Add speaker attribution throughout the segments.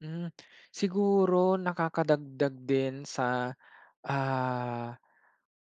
Speaker 1: Hmm, siguro nakakadagdag din sa, ah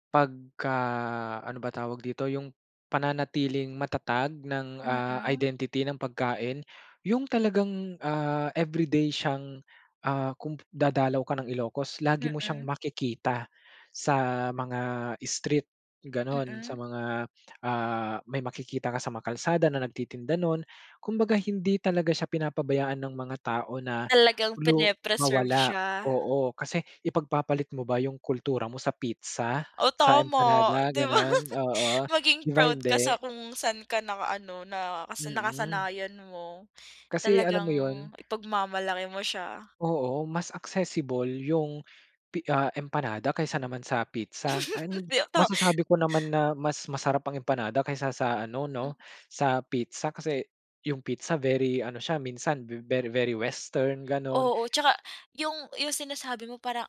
Speaker 1: pagka-ano ba tawag dito yung pananatiling matatag ng, ah,
Speaker 2: Mm.
Speaker 1: identity ng pagkain. Yung talagang, ah, everyday siyang, ah, kung p dadalaw ka ng Ilocos, lagi mo siyang
Speaker 2: Mm.
Speaker 1: makikita sa mga street ganon, sa
Speaker 2: Mm.
Speaker 1: mga, ah, may makikita ka sa mga kalsada na nagtitinda nun. Kumbaga, hindi talaga siya pinapabayaan ng mga tao na
Speaker 2: Talagang
Speaker 1: lu
Speaker 2: prene-preserve
Speaker 1: mawala
Speaker 2: siya.
Speaker 1: oo. Kasi ipagpapalit mo ba yung kultura mo sa pizza,
Speaker 2: Oh
Speaker 1: sa
Speaker 2: tama,
Speaker 1: empanada
Speaker 2: di ba?
Speaker 1: ganon? Oo,
Speaker 2: Maging
Speaker 1: 'di ba
Speaker 2: proud ka
Speaker 1: hindi?
Speaker 2: sa kung saan ka naka ano nakas
Speaker 1: Mm.
Speaker 2: nakasanayan mo.
Speaker 1: Kasi alam
Speaker 2: Talagang
Speaker 1: mo 'yun.
Speaker 2: ipagmamalaki mo siya.
Speaker 1: Oo, mas accessible yung pi ah, empanada kaysa naman sa pizza. And,
Speaker 2: Dito.
Speaker 1: masasabi ko naman na mas masarap ang empanada kaysa sa ano
Speaker 2: Hmm.
Speaker 1: no, sa pizza kasi yung pizza, very ano siya, minsan ve very western ganon.
Speaker 2: Oo, at saka yung, yung sinasabi mo, parang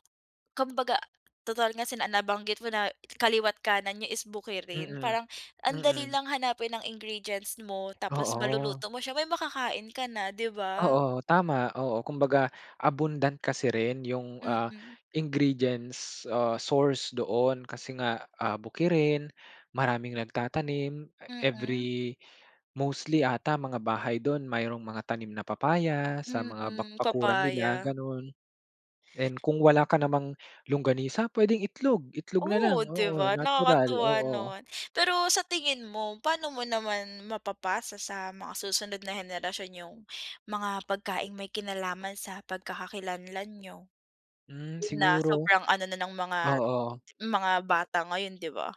Speaker 2: kumbaga, total nga sina nabanggit mo na kaliwa't kanan niyo is bukirin,
Speaker 1: Mm,
Speaker 2: parang ang dali
Speaker 1: mm.
Speaker 2: lang hanapin ng ingredients mo tapos
Speaker 1: Oo.
Speaker 2: maluluto mo siya, may makakain ka na, 'di ba?
Speaker 1: Oo, tama, oo. Kumbaga abundant kasi rin yung, ah,
Speaker 2: Mm.
Speaker 1: ingredients, ah, source doon, kasi nga, ah, bukirin, maraming nagtatanim. E every
Speaker 2: Mm.
Speaker 1: mostly 'ata mga bahay dun, mayroon mga tanim na papaya sa mga bak
Speaker 2: Mm,
Speaker 1: bakuran nila,
Speaker 2: papaya.
Speaker 1: ganon. And kung wala ka namang longganisa, pwedeng itlog itlog na
Speaker 2: Oh
Speaker 1: lang,
Speaker 2: 'di
Speaker 1: oo,
Speaker 2: ba,
Speaker 1: natural,
Speaker 2: nakakatuwa
Speaker 1: oo.
Speaker 2: naman. Pero sa tingin mo, paano mo naman mapapasa sa mga susunod na henerasyon yung mga pagkaing may kinalaman sa pagkakakilanlan niyo
Speaker 1: Hmm
Speaker 2: na
Speaker 1: siguro
Speaker 2: sobrang ano na ng mga
Speaker 1: oo.
Speaker 2: mga bata ngayon, 'di ba?